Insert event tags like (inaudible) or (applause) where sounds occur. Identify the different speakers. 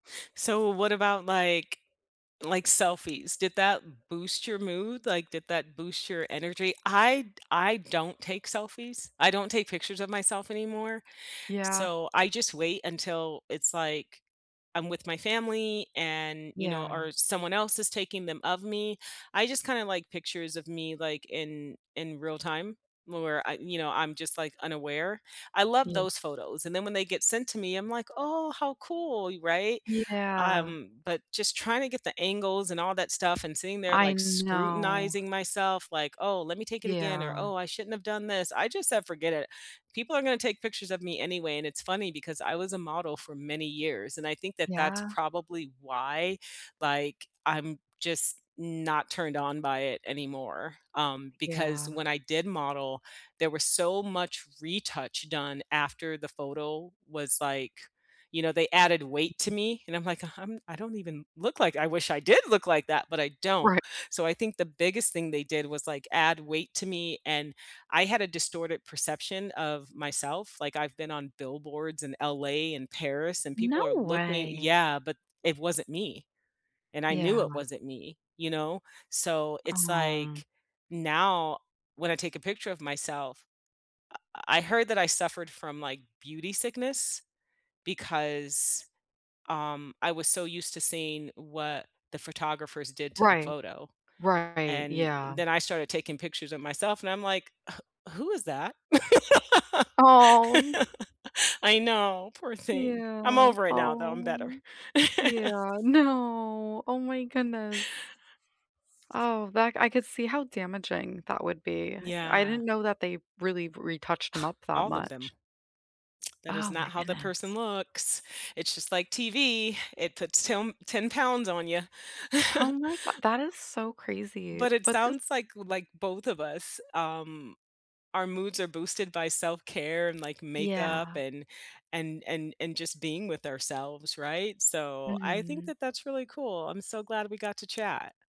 Speaker 1: So what about, like, like selfies? Did that boost your mood? Like, did that boost your energy? I d I don't take selfies. I don't take pictures of myself anymore.
Speaker 2: Yeah.
Speaker 1: So I just wait until it's, like, I'm with my family and, you know,
Speaker 2: Yeah.
Speaker 1: or someone else is taking them of me. I just kinda, like, pictures of me, like, in in real time where I, you know, I'm just, like, unaware. I love
Speaker 2: Yeah.
Speaker 1: those photos and then when they get sent to me, I'm, like, "Oh, how cool," y right?
Speaker 2: Yeah.
Speaker 1: Um, but just trying to get the angles and all that stuff and sitting there
Speaker 2: I
Speaker 1: like
Speaker 2: know.
Speaker 1: scrutinizing myself, like, "Oh, let me take it again," or,
Speaker 2: Yeah.
Speaker 1: "oh, I shouldn't have done this," I just said, "Forget it, people are gonna take pictures of me anyway," and it's funny because I was a model for many years and I think that that's
Speaker 2: Yeah.
Speaker 1: probably why, like, I'm just not turned on by it anymore, um, because
Speaker 2: Yeah.
Speaker 1: when I did model, there was so much retouch done after the photo was, like, you know, they added weight to me and I'm, like, I'm I don't even look, like, I wish I did look, like, that, but, I don't.
Speaker 2: Right.
Speaker 1: So I think the biggest thing they did was, like, add weight to me and I had a distorted perception of myself. Like, I've been on billboards in LA and Paris, and
Speaker 2: No
Speaker 1: people are looking
Speaker 2: way.
Speaker 1: Yeah, but, it wasn't me and I knew it
Speaker 2: Yeah.
Speaker 1: wasn't me, you know. So it's,
Speaker 2: Um
Speaker 1: like, now when I take a picture of myself, I I heard that I suffered from, like, beauty sickness because, um, I was so used to seeing what the photographers did to the
Speaker 2: Right.
Speaker 1: photo,
Speaker 2: Right,
Speaker 1: and
Speaker 2: yeah.
Speaker 1: then I started taking pictures of myself and I'm, like, wh who is that? (laughs)
Speaker 2: Oh, n
Speaker 1: I know, poor thing. I'm
Speaker 2: Yeah,
Speaker 1: over it now though. I'm better.
Speaker 2: oh. Yeah,
Speaker 1: (chuckles)
Speaker 2: no, oh my goodness. Oh, that, I could see how damaging that would be. I
Speaker 1: Yeah.
Speaker 2: didn't know that they really retouched 'em
Speaker 1: (scoffs)
Speaker 2: up that
Speaker 1: All of them.
Speaker 2: much.
Speaker 1: That is
Speaker 2: Oh, my
Speaker 1: not how the person
Speaker 2: goodness.
Speaker 1: looks. It's just, like, TV. It puts tem 10 pounds on ya.
Speaker 2: Oh,
Speaker 1: (chuckles)
Speaker 2: my go that is so crazy,
Speaker 1: But it
Speaker 2: but, this
Speaker 1: sounds, like, like, both of us, um, our moods are boosted by self-care and, like, makeup
Speaker 2: Yeah.
Speaker 1: and and and and just being with ourselves, right? So I think
Speaker 2: Mhm.
Speaker 1: that that's really cool. I'm so glad we got to chat.